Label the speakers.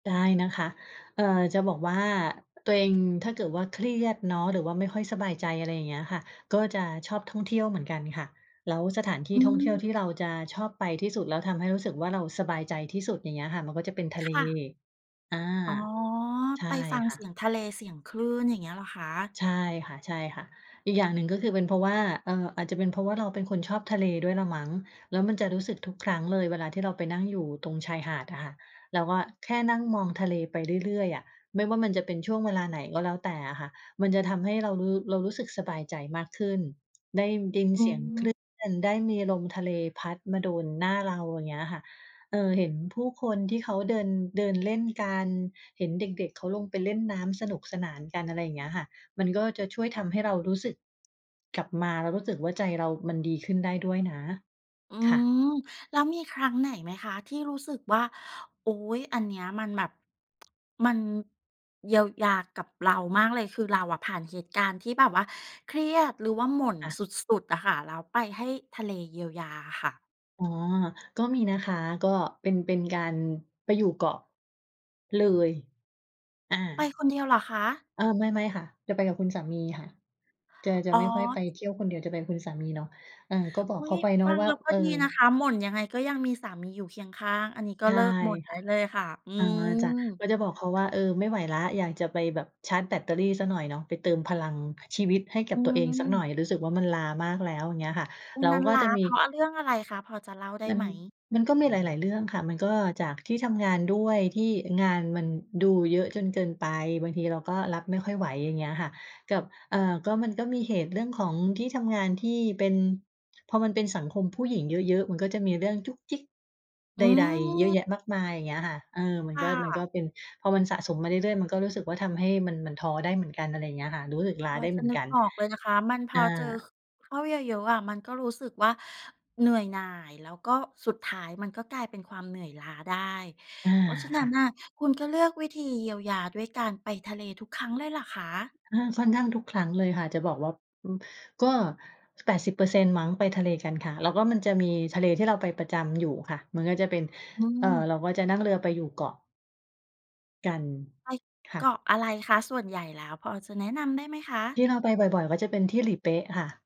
Speaker 1: ได้นะคะ เอ่อ จะบอกว่าตัวเองถ้าเกิดว่าเครียดเนาะ หรือว่าไม่ค่อยสบายใจ อะไรอย่างเงี้ยค่ะ ก็จะชอบท่องเที่ยวเหมือนกันค่ะ แล้วสถานที่
Speaker 2: อื
Speaker 1: ท่องเที่ยว
Speaker 2: ม
Speaker 1: ที่เราจะชอบไปที่สุด แล้วทำให้รู้สึกว่าเราสบายใจที่สุด อย่างเงี้ยค่ะ มันก็จะเป็นทะ
Speaker 2: ค
Speaker 1: เล
Speaker 2: ่ะ
Speaker 1: อา
Speaker 2: อ๋อ
Speaker 1: ใช่
Speaker 2: ไปฟัง
Speaker 1: ค่
Speaker 2: เสี
Speaker 1: ะ
Speaker 2: ยงทะเล เสียงคลื่น อย่างเงี้ยเหรอคะ?
Speaker 1: ใช่ค่ะ ๆ อีกอย่างหนึ่งก็คือเป็นเพราะว่า เอ่อ อาจจะเป็นเพราะว่าเราเป็นคนชอบทะเลด้วยแหละมั้ง แล้วมันจะรู้สึกทุกครั้งเลยเวลาที่เราไปนั่งอยู่ตรงชายหาดอะค่ะ แล้วก็แค่นั่งมองทะเลไปเรื่อย ๆ อะ ไม่ว่ามันจะเป็นช่วงเวลาไหนก็แล้วแต่อะค่ะ มันจะทำให้เรารู้ เรารู้สึกสบายใจมากขึ้น ได้ดิน
Speaker 2: อื
Speaker 1: เสียงคลื
Speaker 2: ม
Speaker 1: ่น ด ได้มีลมทะเลพัดมาโดนหน้าเรา อย่างเงี้ยค่ะ เออ เห็นผู้คนที่เขาเดิน เดินเล่นกัน เห็นเด็ก ๆ เขาลงไปเล่นน้ำสนุกสนานกัน อะไรอย่างเงี้ยค่ะ มันก็จะช่วยทำให้เรารู้สึกกลับมา เรารู้สึกว่าใจเรามันดีขึ้นได้ด้วยนะ
Speaker 2: อื
Speaker 1: ค่ะ
Speaker 2: ม แล้วมีครั้งไหนไหมคะ ที่รู้สึกว่า โอ๊ย! อันเนี้ยมันแบบ มันเยียวยากับเรามากเลย? คือเราอะผ่านเหตุการณ์ที่แบบว่าเครียดหรือว่าหม่น
Speaker 1: ค่ะ
Speaker 2: สุด ๆ อะค่ะ แล้วไปให้ทะเลเยียวยาอะค่ะ
Speaker 1: อ๋อ ก็มีนะคะ ก็เป็น เป็นการไปอยู่เกาะ เลย อ
Speaker 2: ไป
Speaker 1: า
Speaker 2: คนเดียวเหรอคะ?
Speaker 1: อา ไม่ ไ่ม่ค่ะ จะไปกับคุณสามีค่ะ จะ จะ
Speaker 2: อ๋อ
Speaker 1: ไม่ค่อยไปเที่ยวคนเดียว จะไปกับคุณสามีเนาะ เออ ก็บ
Speaker 2: อ
Speaker 1: อ
Speaker 2: ุ
Speaker 1: ก
Speaker 2: ๊
Speaker 1: เข
Speaker 2: ย!
Speaker 1: าไปเนา
Speaker 2: ฟ
Speaker 1: ะ
Speaker 2: ัง
Speaker 1: ว่
Speaker 2: แ
Speaker 1: า
Speaker 2: ล้วก็
Speaker 1: เออ
Speaker 2: ดีนะคะ หม่นยังไงก็ยังมีสามีอยู่เคียงข้าง อันนี้ก
Speaker 1: ใช
Speaker 2: ็เล
Speaker 1: ่
Speaker 2: ิกหม่น
Speaker 1: ค
Speaker 2: ได้
Speaker 1: ่ะ
Speaker 2: เลยค่ะ อื
Speaker 1: อ๋อ จ้ะ
Speaker 2: ม
Speaker 1: ก็จะบอกเขาว่า เออ ไม่ไหวแล้ว อยากจะไปแบบชาร์จแบตเตอรี่สักหน่อยเนาะ ไปเติมพลังชีวิตให้ก
Speaker 2: อ
Speaker 1: ั
Speaker 2: ื
Speaker 1: บตัวเองสักหน่
Speaker 2: ม
Speaker 1: อย รู้สึกว่ามันล้ามากแล้ว อย่างเงี้ยค่ะ
Speaker 2: วั
Speaker 1: แล
Speaker 2: น
Speaker 1: ้
Speaker 2: น
Speaker 1: ว
Speaker 2: ั้น
Speaker 1: ก็
Speaker 2: ล้
Speaker 1: จ
Speaker 2: า
Speaker 1: ะมี
Speaker 2: เพราะเรื่องอะไรคะ พอจะเล่าได้
Speaker 1: มั
Speaker 2: ไ
Speaker 1: น
Speaker 2: หม?
Speaker 1: มันก็มีหลาย ๆ เรื่องค่ะ มันก็จากที่ทำงานด้วยที่งานมันดูเยอะจนเกินไป บางทีเราก็รับไม่ค่อยไหว อย่างเงี้ยค่ะ กับ เอ่อ ก็มันก็มีเหตุเรื่องของที่ทำงานที่เป็น พอมันเป็นสังคมผู้หญิงเยอะ ๆ มันก็จะมีเรื่องจุ๊กจิ๊ก
Speaker 2: อ
Speaker 1: ใ
Speaker 2: ื
Speaker 1: ด ๆ เยอะ
Speaker 2: ม
Speaker 1: แยะมากมาย อย่างเงี้ยค่ะ เออ มั
Speaker 2: ค
Speaker 1: น
Speaker 2: ่
Speaker 1: ก็ มันก
Speaker 2: ะ
Speaker 1: ็เป็น พอมันสะสมมาเรื่อย ๆ มันก็รู้สึกว่าทำให้มัน มันท้อได้เหมือนกัน อะไรอย่างเงี้ยค่ะ รู้สึกล้า
Speaker 2: พอ
Speaker 1: ได้
Speaker 2: จ
Speaker 1: เห
Speaker 2: ะ
Speaker 1: มือน
Speaker 2: นึ
Speaker 1: ก
Speaker 2: ก
Speaker 1: ัน
Speaker 2: ออกเลยนะคะ มันพ
Speaker 1: อา
Speaker 2: อเจอ ค เข้าเยอะ ๆ อะ มันก็รู้สึกว่า เหนื่อยหน่าย แล้วก็สุดท้ายมันก็กลายเป็นความเหนื่อยล้าได้
Speaker 1: อา
Speaker 2: เพราะฉะน
Speaker 1: ค
Speaker 2: ั้
Speaker 1: ่
Speaker 2: น
Speaker 1: ะ
Speaker 2: น่ะคุณก็เลือกวิธีเยียวยาด้วยการไปทะเลทุกครั้งเลยเหรอคะ?
Speaker 1: อา ค่อนข้างทุกครั้งเลยค่ะ จะบอกว่า อืม ก็ 80% มั้ง ไปทะเลกันค่ะ แล้วก็มันจะมีทะเลที่เราไปประจำอยู่ค่ะ มันก็จะเป็น
Speaker 2: อื
Speaker 1: เอ่อ เ
Speaker 2: ม
Speaker 1: ราก็จะนั่งเรือไปอยู่เกาะ กัน
Speaker 2: ไป
Speaker 1: ค่
Speaker 2: เก
Speaker 1: ะ
Speaker 2: าะอะไรคะส่วนใหญ่ แล้วพอจะแนะนำได้ไหมค
Speaker 1: ท
Speaker 2: ะ?
Speaker 1: ี่เราไปบ่อย ๆ ก็จะเป็นที่หลีเป๊ะค่ะ